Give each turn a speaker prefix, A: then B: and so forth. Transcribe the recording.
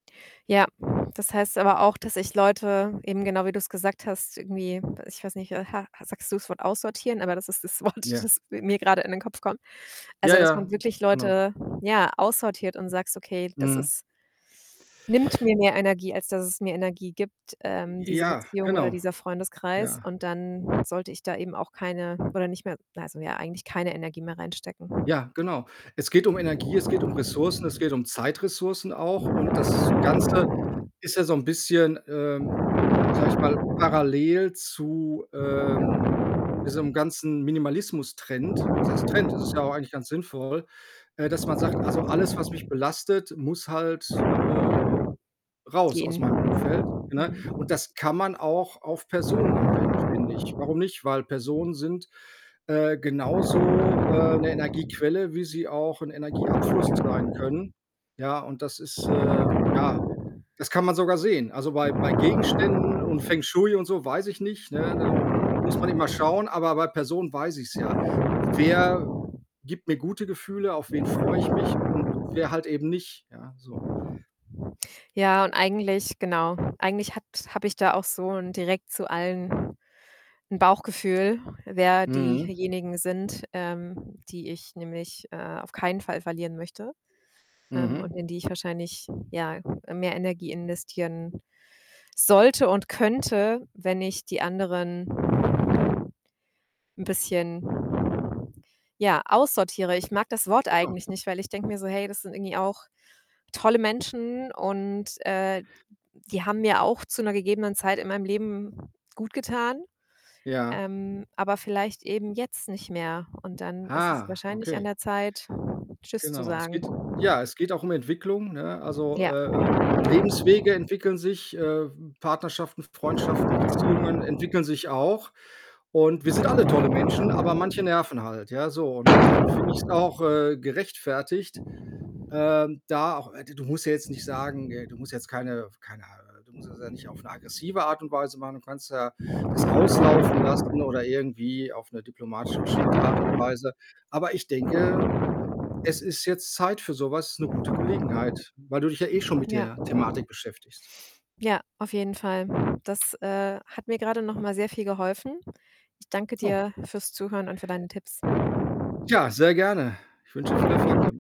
A: Ja, das heißt aber auch, dass ich Leute eben genau wie du's gesagt hast, irgendwie ich weiß nicht, äh, ha ha sagst du's Wort „aussortieren“, aber das ist das Wort,
B: Ja.
A: das mi mir grade in den Kopf kommt.
B: Ja,
A: Also, dass
B: ja,
A: man wirklich
B: genau.
A: Leute, ja, aussortiert und sagst: „Okay, das
B: Mhm.
A: ist nimmt mir mehr Energie, als dass es mir Energie gibt, ähm, diese
B: Ja,
A: Beziehung oder
B: genau.
A: dieser Freundeskreis.
B: Ja.
A: Und dann sollte ich da eben auch keine oder nicht mehr also, ja, eigentlich keine Energie mehr reinstecken.“
B: Ja, genau. Es geht um Energie, es geht um Ressourcen, es geht um Zeitressourcen auch. Und das Ganze ist ja so 'n bisschen, ähm, sage ich mal, parallel zu, ähm, diesem ganzen Minimalismus-Trend. Was heißt Trend? Das ist ja auch eigentlich ganz sinnvoll, äh, dass man sagt: „Also, alles, was mich belastet, muss halt, äh, raus aus
A: Gehen.
B: meinem Umfeld.“, ne? Und
A: Mhm.
B: das kann man auch auf Personen anwenden, finde ich. Warum nicht? Weil Personen sind, äh, genauso, äh, 'ne Energiequelle, wie sie auch 'nen Energieabfluss sein können. Ja, und das ist, äh ja, das kann man sogar sehen. Also, bei bei Gegenständen und Feng Shui und so weiß ich nicht, ne, da, hm, muss man immer schauen, aber bei Personen weiß ich's ja. Wer gibt mir gute Gefühle, auf wen freue ich mich und wer halt eben nicht, ja so.
A: Ja, und eigentlich, genau, eigentlich hat habe ich da auch so 'nen direkt zu allen 'n Bauchgefühl, wer
B: Mhm.
A: diejenigen sind, ähm, die ich nämlich, äh, auf keinen Fall verlieren möchte, ähm,
B: Mhm.
A: und in die ich wahrscheinlich, ja, äh, mehr Energie investieren sollte und könnte, wenn ich die anderen 'n bisschen, ja, aussortiere. Ich mag das Wort
B: Genau.
A: eigentlich nicht, weil ich denke mir so: „Hey, das sind irgendwie auch tolle Menschen und, äh, die haben mir auch zu 'ner gegebenen Zeit in meinem Leben gut getan,
B: Ja.
A: ähm, aber vielleicht eben jetzt nicht mehr. Und dann ist es
B: Ah,
A: wahrscheinlich an
B: okay.
A: der Zeit, 'Tschüss' zu
B: Genau. Es geht
A: sagen.“
B: ja, es geht auch um Entwicklung, ne? Also,
A: Ja.
B: äh ähm, Lebenswege entwickeln sich, äh, w Partnerschaften, Freundschaften, Beziehungen entwickeln sich auch. Und wir sind alle tolle Menschen, aber manche nerven halt, ja. So, und dann finde ich's auch, äh, gerechtfertigt, ähm, da auch äh, du du musst ja jetzt nicht sagen äh, du musst jetzt keine f keine du musst das ja nicht auf 'ne aggressive Art und Weise machen. Du kannst ja das auslaufen lassen oder irgendwie auf 'ne diplomatisch geschickte Art und Weise. Aber ich denke, ähm, es ist jetzt Zeit für sowas 'ne gute Gelegenheit, weil du dich ja eh schon mit
A: Ja.
B: der Thematik beschäftigst.
A: Ja, auf jeden Fall. Das, äh, hat mir grade noch mal sehr viel geholfen. Ich danke
B: Oh.
A: dir fürs Zuhören und für deine Tipps.
B: Ja, sehr gerne. Ich wünsche dir viel Erfolg damit.